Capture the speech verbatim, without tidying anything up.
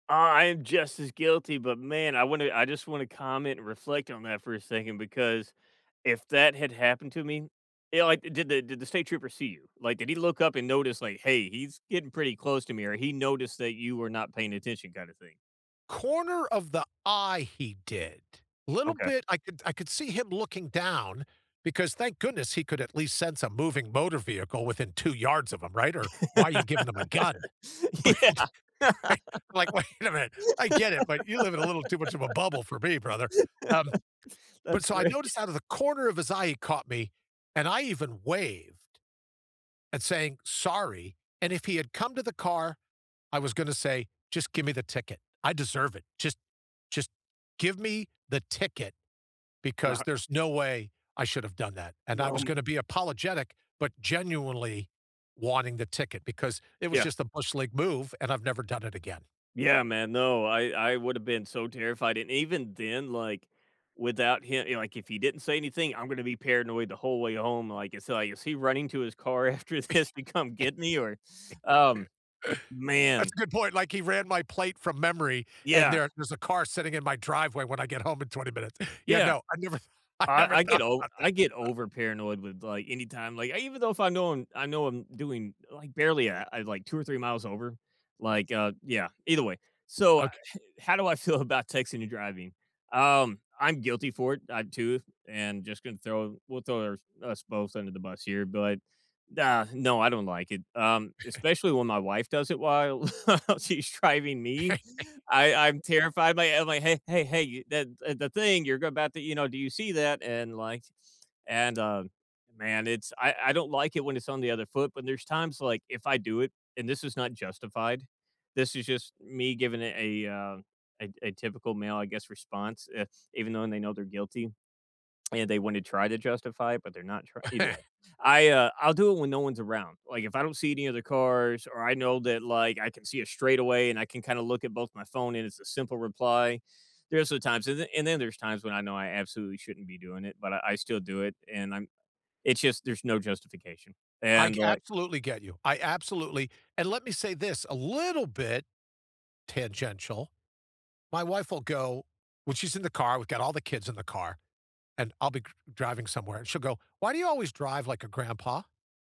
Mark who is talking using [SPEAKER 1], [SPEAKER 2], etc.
[SPEAKER 1] Uh, I am just as guilty, but man, I wanna I just wanna comment, and reflect on that for a second because if that had happened to me you know, like, did the did the state trooper see you? Like, did he look up and notice like, "Hey, he's getting pretty close to me" or he noticed that you were not paying attention, kind of thing.
[SPEAKER 2] Corner of the eye, he did a little
[SPEAKER 1] Okay.
[SPEAKER 2] bit, I could I could see him looking down because thank goodness he could at least sense a moving motor vehicle within two yards of him, right, or why are you giving him a gun,
[SPEAKER 1] Yeah
[SPEAKER 2] but, right like, wait a minute, I get it, but you live in a little too much of a bubble for me, brother, um, but,
[SPEAKER 1] that's
[SPEAKER 2] so, I
[SPEAKER 1] great.
[SPEAKER 2] noticed out of the corner of his eye, he caught me, and I even waved, and saying "Sorry," and if he had come to the car, I was gonna say, just give me the ticket, I deserve it, just just give me the ticket, because there's no way I should have done that, and I
[SPEAKER 1] No.
[SPEAKER 2] was going to be apologetic, but, genuinely wanting the ticket because it was
[SPEAKER 1] Yeah.
[SPEAKER 2] just a bush league move, and I've never done it again.
[SPEAKER 1] Yeah, man, no, I I would have been so terrified, and even then, like, without him you know, like if he didn't say anything, I'm gonna be paranoid the whole way home, like it's like, is he running to his car after this to come get me, or, um,
[SPEAKER 2] That's
[SPEAKER 1] man.
[SPEAKER 2] a good point, like, he ran my plate from memory, and
[SPEAKER 1] Yeah.
[SPEAKER 2] there there's a car sitting in my driveway when I get home in twenty minutes, yeah,
[SPEAKER 1] Yeah,
[SPEAKER 2] no, I never I
[SPEAKER 1] I
[SPEAKER 2] never
[SPEAKER 1] I get
[SPEAKER 2] thought
[SPEAKER 1] o
[SPEAKER 2] about
[SPEAKER 1] I
[SPEAKER 2] that.
[SPEAKER 1] get over paranoid with like anytime like, even though if I know I'm I know I'm doing, like, barely, uh, I like, two or three miles over, like, uh, yeah, either way, so, uh
[SPEAKER 2] Okay.
[SPEAKER 1] how do I feel about texting and driving? Um, I'm guilty for it, uh too, and just gonna throw we'll throw us both under the bus here, but, like, uh, no, I don't like it, um, especially when my wife does it while she's driving me, I'm I'm terrified by I'm like, "Hey hey hey, that, uh, the thing you're about to, you know, do you see that?" And like, and, uh, man, it's I I don't like it when it's on the other foot. But there's times like if I do it and this is not justified, this is just me giving it a uh, a a typical male, I guess, response, uh, even though they know they're guilty. And they wanna try to justify it, but they're not tr either way, I uh, I'll do it when no one's around, like, if I don't see any other cars, or I know that like, I can see it straight away and I can kind of look at both my phone and it's a simple reply, there's times and then and then there's times when I know I absolutely shouldn't be doing it, but I I still do it, and I'm it's just there's no justification,
[SPEAKER 2] I
[SPEAKER 1] and
[SPEAKER 2] ge I
[SPEAKER 1] like
[SPEAKER 2] absolutely get you I absolutely and let me say this a little bit tangential, my wife will go when she's in the car, we've got all the kids in the car, and I'll be c driving somewhere and she'll go, "Why do you always drive like a grandpa?"